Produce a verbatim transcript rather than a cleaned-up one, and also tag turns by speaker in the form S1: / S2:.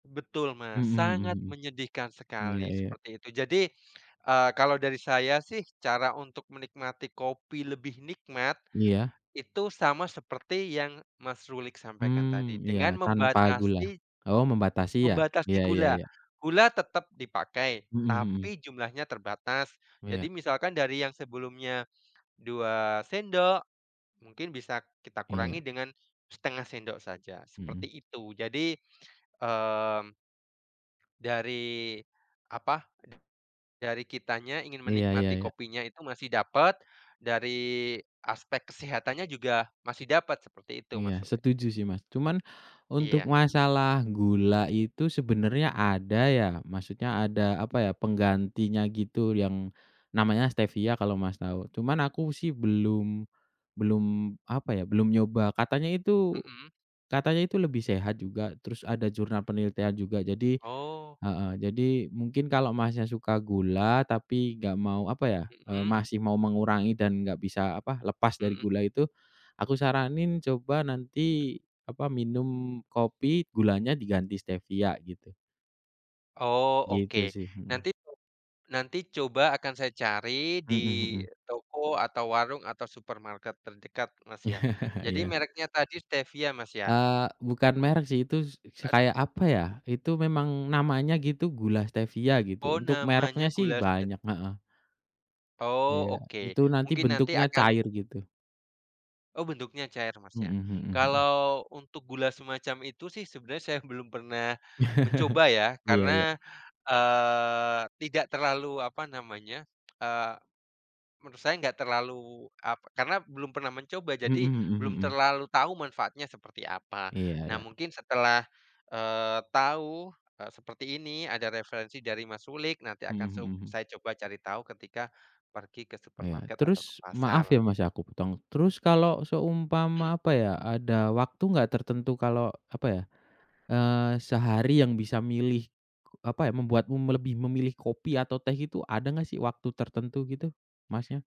S1: Betul, Mas.
S2: Mhm mhm
S1: Sangat
S2: mhm.
S1: menyedihkan
S2: Iya
S1: sekali,
S2: iya.
S1: seperti itu. Jadi, eee, kalau dari saya sih cara untuk menikmati kopi lebih nikmat,
S2: Iya.
S1: itu sama seperti yang, Mas Rulik, sampaikan tadi
S2: Mmm. Iya.
S1: dengan
S2: Tanpa gula?
S1: membatasi
S2: Oh, membatasi ya?
S1: Membatasi
S2: Iya iya
S1: gula.
S2: iya.
S1: Gula tetap dipakai,
S2: Mhm mhm.
S1: tapi jumlahnya terbatas.
S2: Iya.
S1: Jadi misalkan dari yang sebelumnya dua sendok mungkin bisa kita kurangi
S2: Iya.
S1: dengan setengah sendok saja,
S2: Mhm.
S1: seperti itu. Jadi, mmm, dari, apa, dari kitanya ingin
S2: Iya iya
S1: menikmati
S2: iya.
S1: kopinya itu masih dapat, dari aspek kesehatannya juga masih dapat, seperti itu, Mas
S2: Iya
S1: Rulik.
S2: setuju sih, Mas. Cuman untuk
S1: Iya.
S2: masalah gula itu, sebenarnya ada ya, maksudnya ada, apa ya, penggantinya gitu yang namanya stevia kalau, Mas, tahu. Cuman aku sih belum belum, apa ya, belum nyoba. Katanya itu
S1: Mhm.
S2: katanya itu lebih sehat juga, terus ada jurnal penelitian juga. Jadi
S1: Oh.
S2: heeh, jadi, mungkin kalau Masnya suka gula, tapi enggak mau, apa ya, eee,
S1: Mhm.
S2: masih mau mengurangi dan enggak bisa, apa, lepas dari
S1: Mhm.
S2: gula itu, aku saranin coba nanti, apa, minum kopi gulanya diganti stevia gitu.
S1: Oh, oke.
S2: Gitu sih, mhm.
S1: Nanti itu, nanti coba akan saya cari di
S2: Mhm.
S1: toko atau warung atau supermarket terdekat, Mas, ya. Jadi
S2: Iya.
S1: mereknya tadi stevia Mas, ya?
S2: Eee, bukan merek sih, itu s s
S1: Astaga.
S2: kayak apa ya, itu memang namanya gitu, gula stevia gitu,
S1: Oh,
S2: untuk mereknya
S1: namanya
S2: sih
S1: gula
S2: banyak
S1: stevia.
S2: heeh.
S1: Oh,
S2: Iya.
S1: oke.
S2: Itu nanti
S1: Mungkin nanti
S2: bentuknya
S1: akan
S2: cair gitu.
S1: Oh, bentuknya cair, Mas,
S2: Mhm
S1: ya?
S2: mhm mhm.
S1: Kalau untuk gula semacam itu sih sebenarnya saya belum pernah mencoba ya
S2: Iya iya.
S1: karena, eee, tidak terlalu, apa namanya, eee, menurut saya enggak terlalu, apa karena belum pernah mencoba, jadi
S2: Mhm mhm
S1: belum
S2: mhm.
S1: terlalu tahu manfaatnya seperti apa.
S2: Iya
S1: Nah,
S2: iya.
S1: mungkin setelah, eee, tahu, eee, seperti ini, ada referensi dari, Mas Rulik, nanti akan
S2: Mhm
S1: sub
S2: mhm.
S1: saya coba cari tahu ketika pergi ke
S2: Iya.
S1: supermarket atau ke
S2: Terus, maaf
S1: pasar.
S2: ya, Mas, ya aku potong, terus kalau
S1: Mhm.
S2: seumpama, apa ya, ada waktu enggak tertentu kalau, apa ya, eee, sehari yang bisa milih, apa ya, membuatmu me lebih memilih kopi atau teh itu, ada enggak sih waktu tertentu gitu, Masnya?